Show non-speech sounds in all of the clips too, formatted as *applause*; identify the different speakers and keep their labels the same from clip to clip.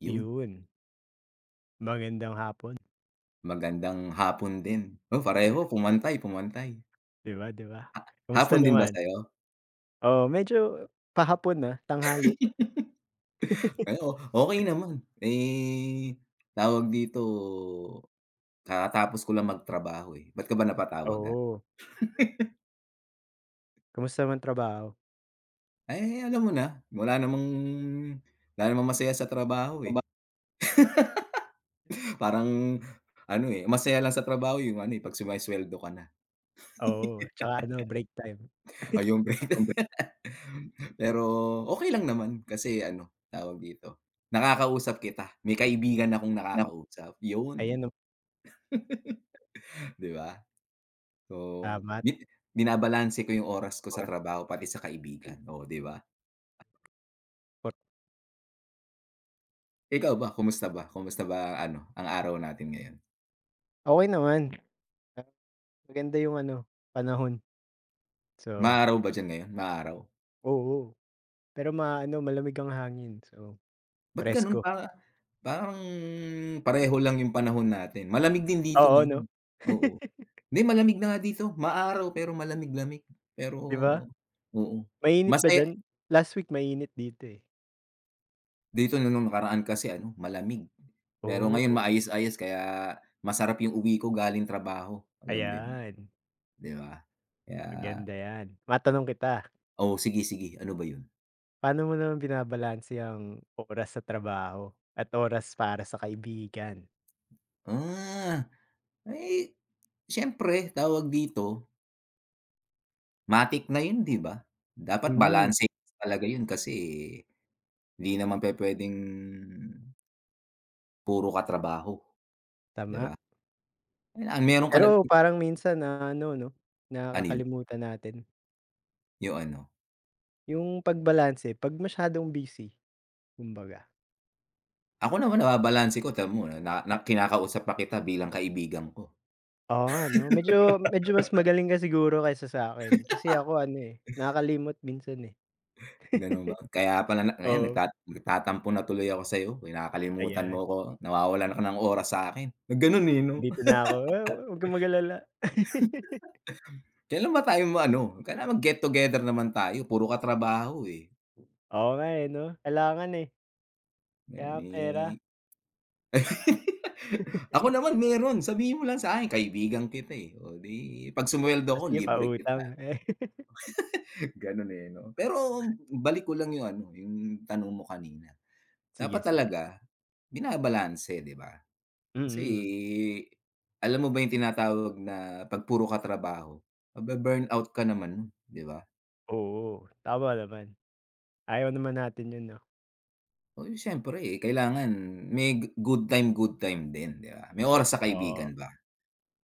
Speaker 1: 'Yun.
Speaker 2: Iyon. Magandang hapon.
Speaker 1: Magandang hapon din. Oh, pareho pumantay, pumantay.
Speaker 2: *chuckles* 'Di ba, 'di ba?
Speaker 1: Ha
Speaker 2: Kamusta
Speaker 1: hapon din ba
Speaker 2: naman?
Speaker 1: sa'yo?
Speaker 2: Oo, medyo pahapon na, tanghali.
Speaker 1: *laughs* Ay, oh, okey
Speaker 2: *chuckles*
Speaker 1: naman. Eh, tawag dito kakatapos ko lang magtrabaho, eh. Ba't ka ba napatawag, ah?
Speaker 2: Oo.
Speaker 1: *chuckles*
Speaker 2: Kumusta naman trabaho?
Speaker 1: Ay, eh eh, alam mo na, wala namang wala namang masaya sa trabaho,
Speaker 2: Kumba
Speaker 1: eh. *laughs* Parang ano, eh, masaya lang sa trabaho 'yung ano, eh, 'pag sumesuweldo ka na.
Speaker 2: Oo, 'tsaka ano break time.
Speaker 1: *laughs* Ah, 'yung
Speaker 2: *chuckles*
Speaker 1: pera.
Speaker 2: Kombe
Speaker 1: Pero, okey lang naman kasi ano tawag dito, nakakausap kita. May kaibigan akong
Speaker 2: Na ngo
Speaker 1: nakakausap, 'yun!
Speaker 2: ayan, oh.
Speaker 1: *chuckles* Di ba? Oo.
Speaker 2: Tama
Speaker 1: Bit binabalanse ko 'yung oras ko sa
Speaker 2: Kuwan.
Speaker 1: trabaho pati sa kaibigan. Oh, 'di ba?
Speaker 2: Wat
Speaker 1: Ikaw ba, kumusta ba? Kumusta ba ang ano, ang araw natin ngayon?
Speaker 2: Okey naman, ah, maganda yung ano panahon. So
Speaker 1: Maaraw ba d'yan ngayon? Maaraw?
Speaker 2: oo, pero maano malamig ang hangin, so,
Speaker 1: Ba't gano'n
Speaker 2: presko.
Speaker 1: pa parang, pareho lang yung panahon natin, malamig din dito
Speaker 2: Oo, no?
Speaker 1: ngayon. Oo, 'di
Speaker 2: *laughs*
Speaker 1: malamig na nga dito. Maaraw pero malamig-lamig pero,
Speaker 2: 'Di ba?
Speaker 1: oo,
Speaker 2: mainit ba
Speaker 1: mase
Speaker 2: d'yan? last week mainit dito, eh.
Speaker 1: Dito 'no nung nakaraan kasi ano malamig, pero ngayon
Speaker 2: Oh.
Speaker 1: maayos-ayos kaya masarap yung uwi ko galing trabaho, alam mo yun,
Speaker 2: Ayan.
Speaker 1: 'di ba, kaya
Speaker 2: Maganda yan, matanong kita.
Speaker 1: Oh, sige sige. Ano ba yun?
Speaker 2: Pa'no mo naman binabalanse ang oras sa trabaho at oras para sa kaibigan?
Speaker 1: Ah, ay! siyempre, tawag dito. Matik na yun 'di ba? Dapat
Speaker 2: Mm.
Speaker 1: balanse talaga yun, kasi di naman pe-pwedeng puro ka trabaho, di
Speaker 2: Tama.
Speaker 1: ba? ang meron ka ng
Speaker 2: Pero parang minsan na ano 'no,
Speaker 1: Ano yun?
Speaker 2: Nakakalimutan natin.
Speaker 1: Yung ano?
Speaker 2: Yung pagbalanse 'pag masyadong busy, kumbaga.
Speaker 1: Ako naman nababalanse ko tam mo, eh, na na kinakausap pa kita bilang kaibigan ko.
Speaker 2: Oo, nga, 'no? Medyo medyo mas
Speaker 1: *laughs*
Speaker 2: magaling ka siguro kaysa sa'kin. Kasi
Speaker 1: *laughs*
Speaker 2: ako ano, eh, nakakalimot minsan, eh.
Speaker 1: Ganun ba? Kaya pala na
Speaker 2: *chuckles*
Speaker 1: ngayon
Speaker 2: Oo.
Speaker 1: nagtat nagtatampo na tuloy ako sa'yo. Kinakalimutan
Speaker 2: Ayan.
Speaker 1: mo 'ko, nawawalan ka ng oras sa'kin. Nagganun, eh, 'no?
Speaker 2: Nandito na ako, wow, huwag kang mag-alala. *laughs*
Speaker 1: *laughs* Kailan ba tayo ma ano, kailangan mag-get together naman tayo, puro ka trabaho, eh.
Speaker 2: Oo, nga, eh, 'no? Kailangan, eh. Kailangan
Speaker 1: Nali
Speaker 2: pera.
Speaker 1: *laughs* ako
Speaker 2: *laughs*
Speaker 1: naman meron sabihin mo lang sa'kin kaibigan kita, eh. Oh, 'di 'pag sumweldo
Speaker 2: Oh,
Speaker 1: ko
Speaker 2: sige
Speaker 1: libre kita.
Speaker 2: pautang. *chuckles*
Speaker 1: *chuckles* Ganun, eh, 'no? Pero balik ko lang yung ano, yung tanong mo kanina. Dapat
Speaker 2: Sige, sige.
Speaker 1: talaga binabalanse, 'di ba? Kasi
Speaker 2: Mm.
Speaker 1: alam mo ba yung tinatawag na 'pag puro ka trabaho mabe-burnout ka naman, 'di ba?
Speaker 2: Oo, tama naman. Ayaw naman natin yun 'no?
Speaker 1: Uy, siyempre kailangan may g good time, good time din 'di ba? May oras sa
Speaker 2: Oo.
Speaker 1: kaibigan ba.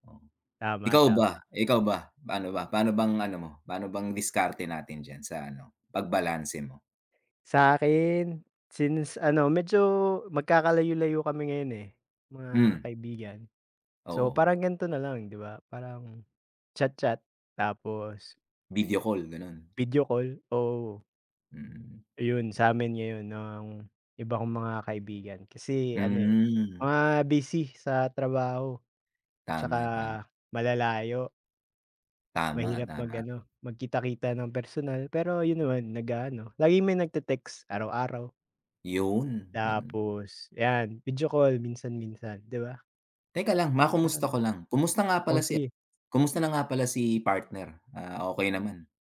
Speaker 1: O,
Speaker 2: Tama,
Speaker 1: ikaw ba,
Speaker 2: tama.
Speaker 1: ikaw ba? Pa'no ba, pano bang ano mo, pa'no bang diskarte natin diyan sa ano pag-balanse mo?
Speaker 2: Sa 'kin, since ano medyo magkakalayo-layo kami ngayon, eh, mga
Speaker 1: Hmm.
Speaker 2: kaibigan. So,
Speaker 1: Oo.
Speaker 2: parang gan'to nalang 'di ba? Parang, chat-chat tapos
Speaker 1: Video call, ganun.
Speaker 2: video call, oo.
Speaker 1: Mm.
Speaker 2: Ayun, sa 'min ngayon nang iba kong mga kaibigan. Kasi ano, eh,
Speaker 1: Hmm.
Speaker 2: mga busy sa trabaho, 'tsaka
Speaker 1: Tama, tama.
Speaker 2: malalayo.
Speaker 1: Tama,
Speaker 2: Mahirap
Speaker 1: tama.
Speaker 2: mag-ano magkita-kita ng personal. Pero, yun naman nag-aano, laging may nagte-text, araw-araw.
Speaker 1: Yun, yun.
Speaker 2: Tapos, yan video call minsan-minsan, 'di ba?
Speaker 1: Teka lang,
Speaker 2: Pero
Speaker 1: ma-kumusta
Speaker 2: mi
Speaker 1: ko lang, kumusta nga
Speaker 2: oh,
Speaker 1: pala si
Speaker 2: sige.
Speaker 1: kumusta na nga pala si partner? Ah, okey naman?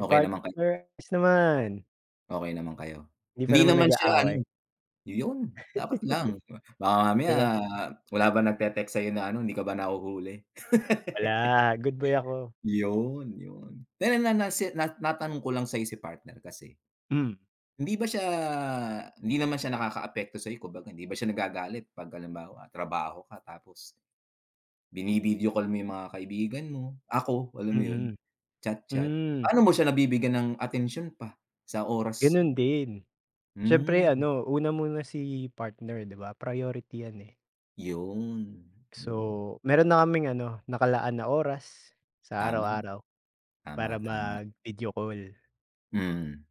Speaker 2: Si
Speaker 1: naman kay
Speaker 2: partner, ayos naman.
Speaker 1: Okey naman kayo?
Speaker 2: 'Di pa
Speaker 1: Hindi
Speaker 2: naman
Speaker 1: naman siya
Speaker 2: nag-aaway.
Speaker 1: ano, 'yon! Dapat lang, baka
Speaker 2: *laughs* 'Di
Speaker 1: mamaya
Speaker 2: ba?
Speaker 1: wala bang nag-text sa'yo na ano, hindi ka ba nahuhuli? *laughs*
Speaker 2: Wala, good boy ako.
Speaker 1: Yun, yun, dahil nga na si na na natanong ko lang sa'yo si partner kasi,
Speaker 2: Hmm.
Speaker 1: hindi ba siya hindi naman siya nakakaapekto sa'yo? Kumbaga, hindi ba siya nagagalit 'pag halimbawa trabaho ka, tapos, bini-video call mo yung mga kaibigan mo, ako. Alam mo yun?
Speaker 2: Mm.
Speaker 1: Chat, chat,
Speaker 2: Hmm.
Speaker 1: paano mo siya nabibigyan ng atensyon pa, sa oras?
Speaker 2: Ganun din. Siyempre
Speaker 1: Hmm.
Speaker 2: ano una mo na si partner, 'di ba, priority 'yan, eh.
Speaker 1: 'Yon, yun.
Speaker 2: So, meron na kaming ano, nakalaan na oras, sa
Speaker 1: Tama.
Speaker 2: araw-araw para
Speaker 1: Tama, tama.
Speaker 2: mag-video call.
Speaker 1: Mm.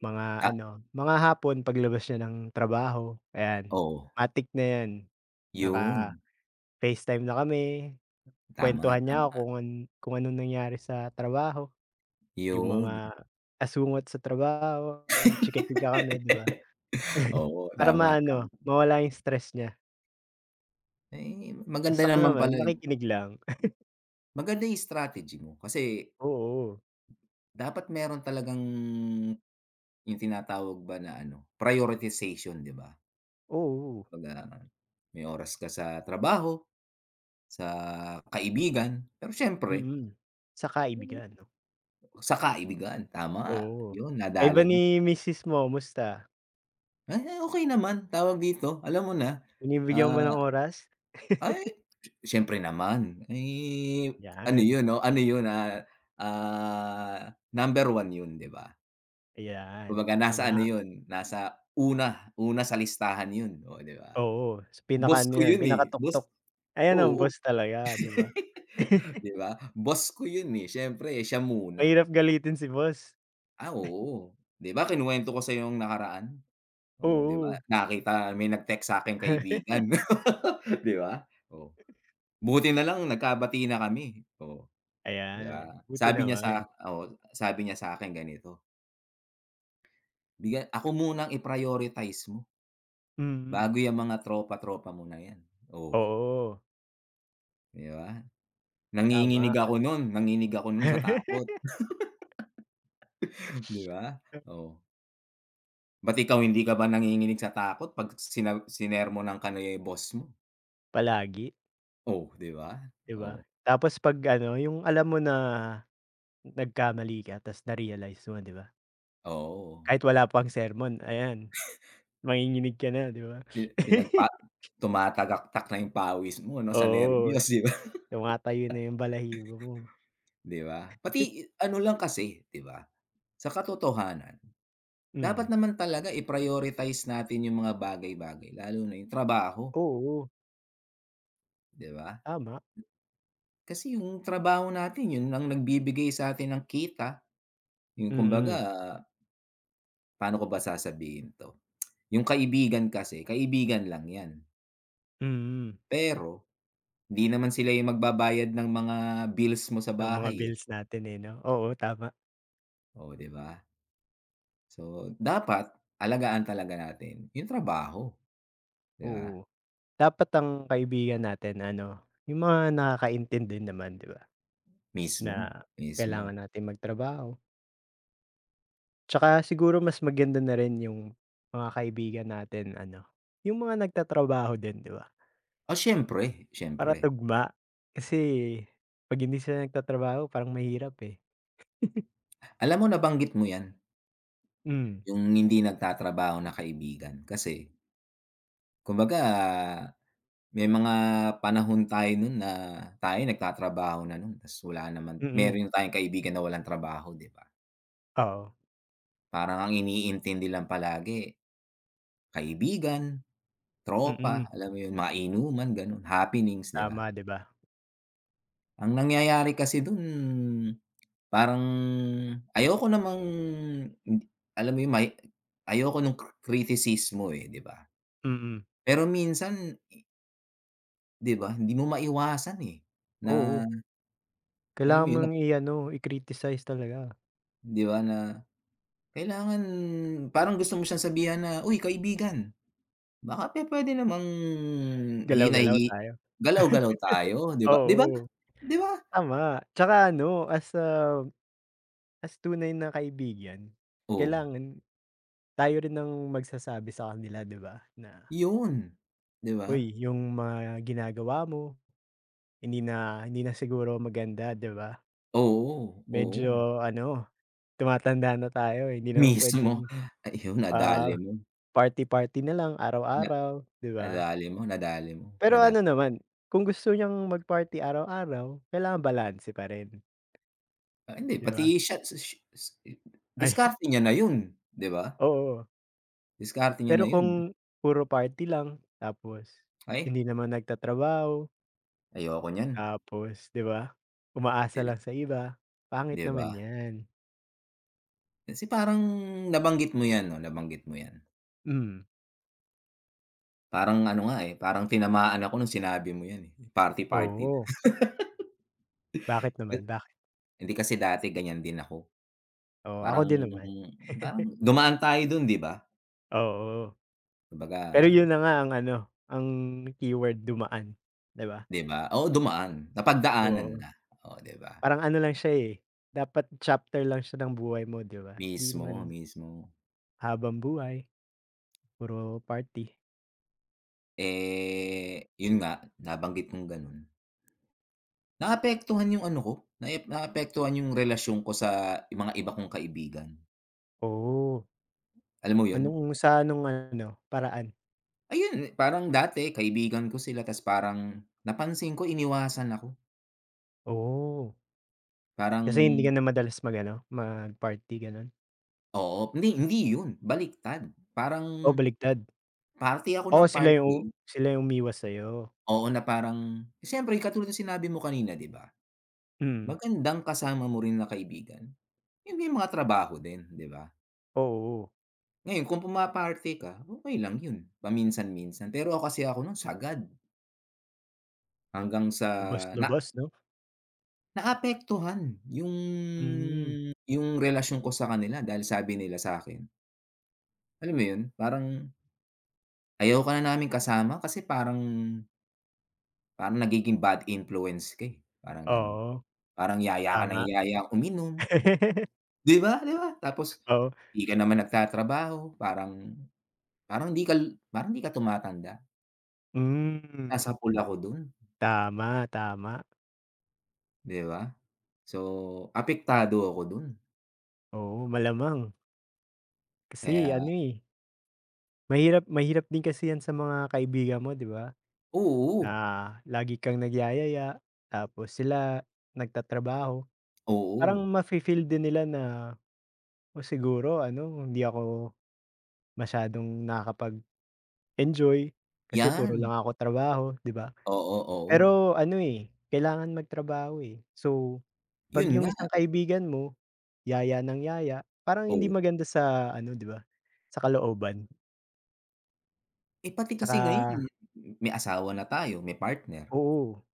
Speaker 2: Mga
Speaker 1: Ta
Speaker 2: ano, mga hapon paglabas niya ng trabaho, ayan
Speaker 1: Oo.
Speaker 2: matic na 'yan
Speaker 1: Yun.
Speaker 2: naka-Facetime na kami,
Speaker 1: Tama,
Speaker 2: kwentuhan niya
Speaker 1: tama.
Speaker 2: ako kun kung anong nangyari sa trabaho. Yung
Speaker 1: Yun.
Speaker 2: mga asungot sa trabaho, chika-chika kami, 'di ba.
Speaker 1: *laughs*
Speaker 2: *chuckles*
Speaker 1: Oo.
Speaker 2: Para
Speaker 1: Tama, tama.
Speaker 2: maano, mawala yung stress niya.
Speaker 1: Ay,
Speaker 2: Tas
Speaker 1: maganda
Speaker 2: ako
Speaker 1: naman
Speaker 2: naman,
Speaker 1: pala yun.
Speaker 2: nakikinig lang. *chuckles*
Speaker 1: Maganda yung strategy mo. Kasi,
Speaker 2: Oo.
Speaker 1: dapat meron talagang, yung tinatawag ba na ano, prioritization, di ba?
Speaker 2: Oo.
Speaker 1: Baga, may oras ka sa trabaho, sa kaibigan. Pero, syempre
Speaker 2: Mm. Sa ka-ibigan 'no?
Speaker 1: Sa ka-ibigan, tama.
Speaker 2: Oo.
Speaker 1: Yun,
Speaker 2: Kayo
Speaker 1: nadali
Speaker 2: ba
Speaker 1: mo.
Speaker 2: ni misis mo, musta?
Speaker 1: Ah, okay naman, tawag dito, alam mo na,
Speaker 2: Binibigyan mo
Speaker 1: ah
Speaker 2: ng oras?
Speaker 1: ay,
Speaker 2: *chuckles*
Speaker 1: syempre naman, eh, ano
Speaker 2: Yaan.
Speaker 1: yun, ano yun, ah, ah, number 1 yun, 'di ba?
Speaker 2: Ayan,
Speaker 1: Kumbaga nasa ano
Speaker 2: tama.
Speaker 1: yun, nasa una, una sa listahan yun, oh, di ba?
Speaker 2: Oo, sa
Speaker 1: Boss
Speaker 2: pinaka-ano
Speaker 1: ko
Speaker 2: yan,
Speaker 1: yun, eh, boss
Speaker 2: pinakatuktok. Ayan ang
Speaker 1: oo,
Speaker 2: boss talaga, di ba?
Speaker 1: *laughs* di
Speaker 2: *chuckles*
Speaker 1: ba? Boss ko yun, eh, siyempre siya muna.
Speaker 2: Mahirap galitin si boss.
Speaker 1: Ah,
Speaker 2: *giggles*
Speaker 1: oo 'di ba kinuwento ko sa 'yo nung nakaraan. Oo, 'di ba,
Speaker 2: Oo.
Speaker 1: nakita may nag-text sakin, kaibigan
Speaker 2: *chuckles*
Speaker 1: *laughs* 'di ba? Oh, buti nalang nagkabati na kami. Oh, 'di
Speaker 2: Ayan,
Speaker 1: ba,
Speaker 2: buti
Speaker 1: sabi niya, sa
Speaker 2: naman.
Speaker 1: oo, sabi niya sa akin ganito Bigya ako muna ang i-prioritize mo.
Speaker 2: Hmm.
Speaker 1: Bago 'yang mga tropa, tropa mo na 'yan, oh.
Speaker 2: Oo.
Speaker 1: 'Di ba, nanginginig
Speaker 2: Tama.
Speaker 1: ako nun, nanginig ako nun sa takot.
Speaker 2: *chuckles*
Speaker 1: *laughs* 'Di ba?
Speaker 2: A
Speaker 1: Oh. Ba't ikaw hindi ka ba nanginginig sa takot 'pag sina sinermonan ka ni boss mo?
Speaker 2: Palagi.
Speaker 1: Oh, 'di ba,
Speaker 2: 'Di ba,
Speaker 1: oh.
Speaker 2: tapos 'pag ano, yung alam mo na nagkamali ka tas narealize mo, 'di ba?
Speaker 1: Oo.
Speaker 2: Kahit wala pang sermon, ayan, manginginig ka na 'di ba.
Speaker 1: Pi pinagpa
Speaker 2: *chuckles*
Speaker 1: tumatagaktak na yung pawis mo 'no, sa
Speaker 2: Oo,
Speaker 1: nerbyos, 'di ba.
Speaker 2: tumatayo na yung balahibo mo.
Speaker 1: *chuckles* 'Di ba, pati
Speaker 2: *chuckles*
Speaker 1: ano lang kasi, 'di ba, sa katotohanan, dapat
Speaker 2: Hmm.
Speaker 1: naman talaga i-prioritize natin yung mga bagay-bagay, lalo na yung trabaho.
Speaker 2: Oo.
Speaker 1: Di ba?
Speaker 2: Tama.
Speaker 1: Kasi yung trabaho natin yun lang nagbibigay sa'tin ng kita, yung
Speaker 2: Mm.
Speaker 1: kumbaga. Paano ko ba sasabihin 'to, yung kaibigan kasi, kaibigan lang 'yan.
Speaker 2: Hmm.
Speaker 1: Pero, 'di naman sila yung magbabayad ng mga bills mo sa
Speaker 2: Ng mga
Speaker 1: bahay, eh.
Speaker 2: bills natin, eh, 'no? Oo, tama.
Speaker 1: Oh, 'di ba? So, dapat alagaan talaga natin yung trabaho, 'di ba?
Speaker 2: Oo, dapat ang kaibigan natin ano yung mga nakakaintindi naman 'di ba,
Speaker 1: Mismo,
Speaker 2: na
Speaker 1: mismo.
Speaker 2: kailangan natin magtrabaho. Tsaka, siguro mas maganda na rin yung mga kaibigan natin ano, yung mga nagtatrabaho din, 'di ba?
Speaker 1: Ah, siyempre,
Speaker 2: Para
Speaker 1: siyempre.
Speaker 2: tugma. Kasi 'pag hindi sila nagtatrabaho parang mahirap, eh. *chuckles*
Speaker 1: Alam mo nabanggit mo yan,
Speaker 2: Hmm.
Speaker 1: yung hindi nagtatrabaho na kaibigan. Kasi kumbaga, may mga panahon tayo nun na tayo nagtatrabaho na nun, 'tas, wala naman
Speaker 2: Mm.
Speaker 1: meron tayong kaibigan na walang trabaho, 'di ba?
Speaker 2: Oo.
Speaker 1: Parang ang iniintindi lang palagi, kaibigan, tropa,
Speaker 2: Mm.
Speaker 1: alam mo yun, mga inuman, ganon, happenings, 'di ba?
Speaker 2: Tama, 'di ba?
Speaker 1: Ang nangyayari kasi dun parang ayoko namang alam mo yun may ayoko ng cric criticismo eh, 'di ba?
Speaker 2: Mm.
Speaker 1: Pero minsan 'Di ba, hindi mo maiwasan, eh,
Speaker 2: Oo.
Speaker 1: na alam mo
Speaker 2: Kailangan
Speaker 1: yun na
Speaker 2: mong i-ano, i-criticize talaga.
Speaker 1: 'Di ba na, kailangan parang gusto mo siyang sabihan na, "Uy kaibigan, baka pe-pwede namang hinay
Speaker 2: Galaw-galaw
Speaker 1: hi
Speaker 2: tayo.
Speaker 1: galaw-galaw
Speaker 2: *laughs*
Speaker 1: tayo di ba?" 'Di ba,
Speaker 2: Oo.
Speaker 1: di ba?
Speaker 2: Tama tsaka ano as, ah, as, tunay na kaibigan,
Speaker 1: Oo.
Speaker 2: kailangan tayo rin ang magsasabi sa kanila, 'di ba, na
Speaker 1: Yun, 'di ba?
Speaker 2: "Uy yung mga ginagawa mo, hindi na hindi na siguro maganda 'di ba?
Speaker 1: Oo. Oo.
Speaker 2: Medyo, ano, tumatanda na tayo hindi naman
Speaker 1: Mismo,
Speaker 2: pwedeng,
Speaker 1: ayun
Speaker 2: ah,
Speaker 1: nadali mo.
Speaker 2: party party nalang
Speaker 1: Na
Speaker 2: araw-araw, 'di ba?"
Speaker 1: nadali mo, nadali mo.
Speaker 2: Pero
Speaker 1: Nada
Speaker 2: ano naman kung gusto niyang mag party araw-araw kailangan balanse pa rin.
Speaker 1: Ah, hindi,
Speaker 2: 'Di ba?
Speaker 1: pati siya't sus s
Speaker 2: Ay. *chuckles*
Speaker 1: diskarte niya na 'yun, 'di ba?
Speaker 2: Oo.
Speaker 1: Diskarte niya na
Speaker 2: Pero
Speaker 1: 'yun.
Speaker 2: kung puro party lang, tapos
Speaker 1: Ay.
Speaker 2: hindi naman nagtatrabaho.
Speaker 1: Ayoko niyan.
Speaker 2: Tapos 'di ba, umaasa
Speaker 1: *unintelligible*
Speaker 2: lang sa iba, pangit
Speaker 1: 'Di ba?
Speaker 2: naman 'yan.
Speaker 1: Kasi parang nabanggit mo 'yan, 'no, nabanggit mo 'yan.
Speaker 2: Mm.
Speaker 1: Parang ano nga, eh, parang tinamaan ako nung sinabi mo 'yan, eh, party party.
Speaker 2: Oo. Bakit
Speaker 1: *laughs* Ga
Speaker 2: naman, bakit?
Speaker 1: Hindi, kasi dati ganiyan din ako.
Speaker 2: Oo, ako
Speaker 1: Parang,
Speaker 2: din naman.
Speaker 1: parang
Speaker 2: *chuckles*
Speaker 1: dumaan tayo do'n 'di ba?
Speaker 2: Oo. Pero
Speaker 1: Kumbaga
Speaker 2: 'yun na nga ang ano, ang keyword, dumaan, 'di ba?
Speaker 1: 'di ba? Oo, dumaan, napagdaanan
Speaker 2: Oo.
Speaker 1: na, oh, 'di ba?
Speaker 2: Parang ano lang siya, eh, dapat chapter lang siya ng buhay mo, 'di ba? Hindi naman
Speaker 1: Mismo, mismo.
Speaker 2: habambuhay, puro party.
Speaker 1: Eh, 'yun nga, nabanggit mong gano'n. Naapektuhan 'yung ano 'ko, naep naapektuhan 'yung relasyon ko sa mga iba kong kaibigan.
Speaker 2: Oh.
Speaker 1: Alam mo yun?
Speaker 2: Anong sa nung ano paraan?
Speaker 1: Ayun, parang dati kaibigan ko sila tas parang napansin ko iniwasan ako.
Speaker 2: Oh.
Speaker 1: Parang
Speaker 2: Kasi, hindi ka na madalas mag-ano, mag-party, gano'n?
Speaker 1: Oo. Hindi, hindi yun baliktad
Speaker 2: Oh,
Speaker 1: parang,
Speaker 2: baligtad.
Speaker 1: party ako
Speaker 2: Oo
Speaker 1: nang
Speaker 2: sila yung
Speaker 1: party
Speaker 2: sila yung umiwas sa'yo.
Speaker 1: Oo, na parang, siyempre katulad ng sinabi mo kanina, 'di ba?
Speaker 2: Mm.
Speaker 1: Magandang kasama mo rin na kaibigan hindi mga trabaho din, 'di ba?
Speaker 2: Oo.
Speaker 1: Ngayon kung puma-party ka, okey lang yun, paminsan-minsan pero ako kasi, ako nun sagad. Hanggang sa, na
Speaker 2: Lubos-lubos, 'no?
Speaker 1: Naapektuhan yung
Speaker 2: Hmm.
Speaker 1: yung relasyon ko sa kanila dahil sabi nila sa'kin. Alam mo yun, parang Ayoko na naming kasama kasi, parang "parang nagiging bad influence ka, eh." Parang gano'n,
Speaker 2: Oo,
Speaker 1: parang yaya ka nang
Speaker 2: tama.
Speaker 1: yaya uminom.
Speaker 2: *laughs*
Speaker 1: 'Di ba, 'di ba, tapos
Speaker 2: Oh.
Speaker 1: 'di ka naman nagtatrabaho parang, parang 'di kal parang 'di ka tumatanda.
Speaker 2: Hmm.
Speaker 1: Nasapul ako dun.
Speaker 2: Tama. Tama.
Speaker 1: 'Di ba? So, apektado ako dun.
Speaker 2: Oo, malamang. Kasi ano
Speaker 1: Kaya
Speaker 2: eh. Mahirap, mahirap din kasi yan sa mga kaibigan mo 'di ba?
Speaker 1: Oo.
Speaker 2: Na lagi kang nagyayaya. Tapos, sila nagtatrabaho, parang
Speaker 1: Oo.
Speaker 2: mafi-feel din nila na, oh, siguro ano hindi ako masyadong nakakapag-enjoy. Kasi puro
Speaker 1: Yan.
Speaker 2: lang ako trabaho 'di ba?
Speaker 1: Oo, oo.
Speaker 2: Pero ano, eh, kailangan magtrabaho, eh. So, 'pag
Speaker 1: Yun
Speaker 2: yung
Speaker 1: nga.
Speaker 2: isang kaibigan mo yaya ng yaya, parang hindi
Speaker 1: Oo.
Speaker 2: maganda sa ano 'di ba, sa kalooban.
Speaker 1: Eh, pati kasi ngayon,
Speaker 2: Tsaka
Speaker 1: eh, may asawa na tayo, may partner.
Speaker 2: Oo.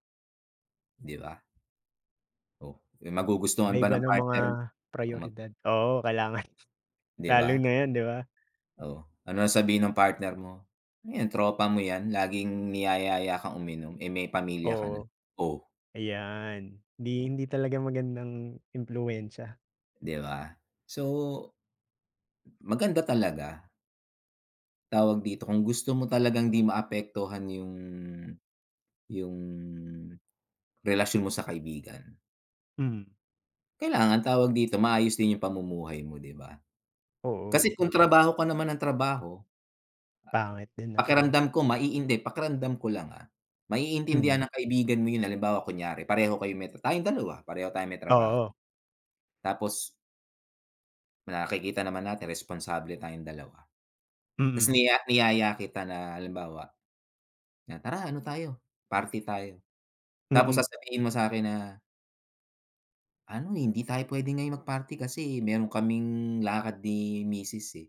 Speaker 1: 'Di ba? O, may magugustuhan ba
Speaker 2: Iba-iba
Speaker 1: ng
Speaker 2: ng mga
Speaker 1: partner, na mag
Speaker 2: prayoridad. Oo, kailangan, *chuckles*
Speaker 1: 'Di
Speaker 2: lalo
Speaker 1: ba?
Speaker 2: na yun, 'di ba?
Speaker 1: O, anong sasabihin ng partner mo, "Nu 'yan tropa mo yan, laging niyayaya kang uminom, eh, may pamilya ka na."
Speaker 2: Oo.
Speaker 1: O
Speaker 2: Ayan, di hindi talaga magandang impluwensya.
Speaker 1: 'Di ba? So, maganda talaga. Tawag dito, kung gusto mo talagang 'di maapektuhan yung yung relasyon mo sa kaibigan
Speaker 2: Hmm.
Speaker 1: kailangan tawag dito, maayos din yung pamumuhay mo, 'di ba? Kasi
Speaker 2: Oo.
Speaker 1: kung trabaho ka naman ng trabaho,
Speaker 2: Pangit din,
Speaker 1: a
Speaker 2: 'no.
Speaker 1: pakiramdam ko maiin 'di, pakiramdam ko lang, ah,
Speaker 2: Mm.
Speaker 1: maiintindihan ng kaibigan mo yun, halimbawa, kunyari, pareho kayong me ta tayong dalawa, pareho tayong may trabaho.
Speaker 2: Oo.
Speaker 1: Tapos nakikita naman natin responsable tayong dalawa, 'tas
Speaker 2: Mm.
Speaker 1: niya niyaya kita na halimbawa na, "Tara, ano tayo, party tayo." Tapos
Speaker 2: Mm.
Speaker 1: sasabihin mo sa'kin na "Ano, hindi tayo puwede ngayon mag-party kasi meron kaming lakad ni misis, eh."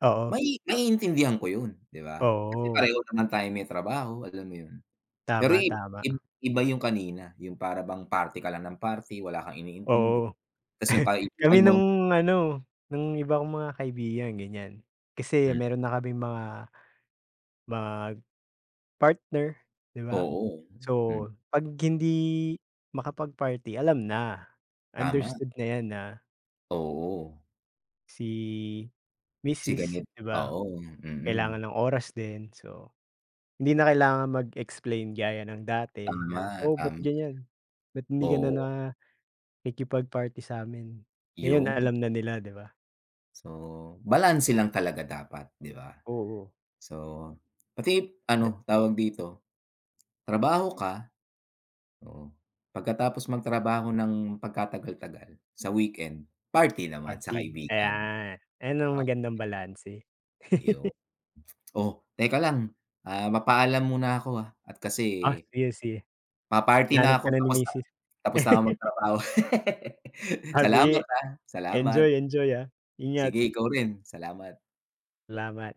Speaker 2: Oo.
Speaker 1: Mai maiintindihan ko yun, 'di ba?
Speaker 2: Oo.
Speaker 1: Pareho naman tayong may trabaho, alam mo yun. Pero
Speaker 2: Tama,
Speaker 1: ib
Speaker 2: tama.
Speaker 1: ib iba yung kanina, yung para bang party ka lang ng party, wala kang iniintindi,
Speaker 2: Oo,
Speaker 1: 'tas yung
Speaker 2: *chuckles* kami
Speaker 1: kaibigan mo
Speaker 2: nung ano, nung iba kong mga kaibigan ganiyan, kasi
Speaker 1: Hmm.
Speaker 2: meron na kaming mga mag-partner, 'di ba?
Speaker 1: Oo,
Speaker 2: So,
Speaker 1: hmm.
Speaker 2: 'pag hindi makapag-party alam na,
Speaker 1: Tama.
Speaker 2: understood na 'yan na
Speaker 1: Oo.
Speaker 2: si
Speaker 1: Si
Speaker 2: misis,
Speaker 1: ganit
Speaker 2: 'di ba,
Speaker 1: oo, mm.
Speaker 2: kailangan ng oras din, so hindi na kailangan mag-explain gaya ng dati na,
Speaker 1: Tama,
Speaker 2: "Oh, ba't
Speaker 1: tama.
Speaker 2: ganiyan, ba't hindi ka na
Speaker 1: Oo.
Speaker 2: nakikipag-party sa'min?" Ngayon a
Speaker 1: 'Yon.
Speaker 2: alam na nila, 'di ba?
Speaker 1: Oo, balanse lang talaga dapat, 'di ba?
Speaker 2: Oo.
Speaker 1: So, pati
Speaker 2: De
Speaker 1: ano, tawag dito, trabaho ka, oo, pagkatapos magtrabaho ng pagkatagal-tagal, sa weekend, party naman sa
Speaker 2: Party,
Speaker 1: kaibigan.
Speaker 2: ayan. Ayan, ang
Speaker 1: Oh,
Speaker 2: magandang balanse.
Speaker 1: 'Yo
Speaker 2: *chuckles*
Speaker 1: oh, teka lang, ah, papaalam muna ako, ah, at
Speaker 2: Ah,
Speaker 1: kasi
Speaker 2: sige, sige.
Speaker 1: Pa-party na
Speaker 2: Hinahanap ka
Speaker 1: ako.
Speaker 2: na ni
Speaker 1: Tapos na
Speaker 2: Misis.
Speaker 1: tapos na ako
Speaker 2: *laughs*
Speaker 1: magtrabaho. *laughs*
Speaker 2: Ah,
Speaker 1: Salamat,
Speaker 2: sige.
Speaker 1: ah, salamat.
Speaker 2: Enjoy, enjoy, ah. Ingat.
Speaker 1: Sige, ikaw rin, salamat.
Speaker 2: Salamat.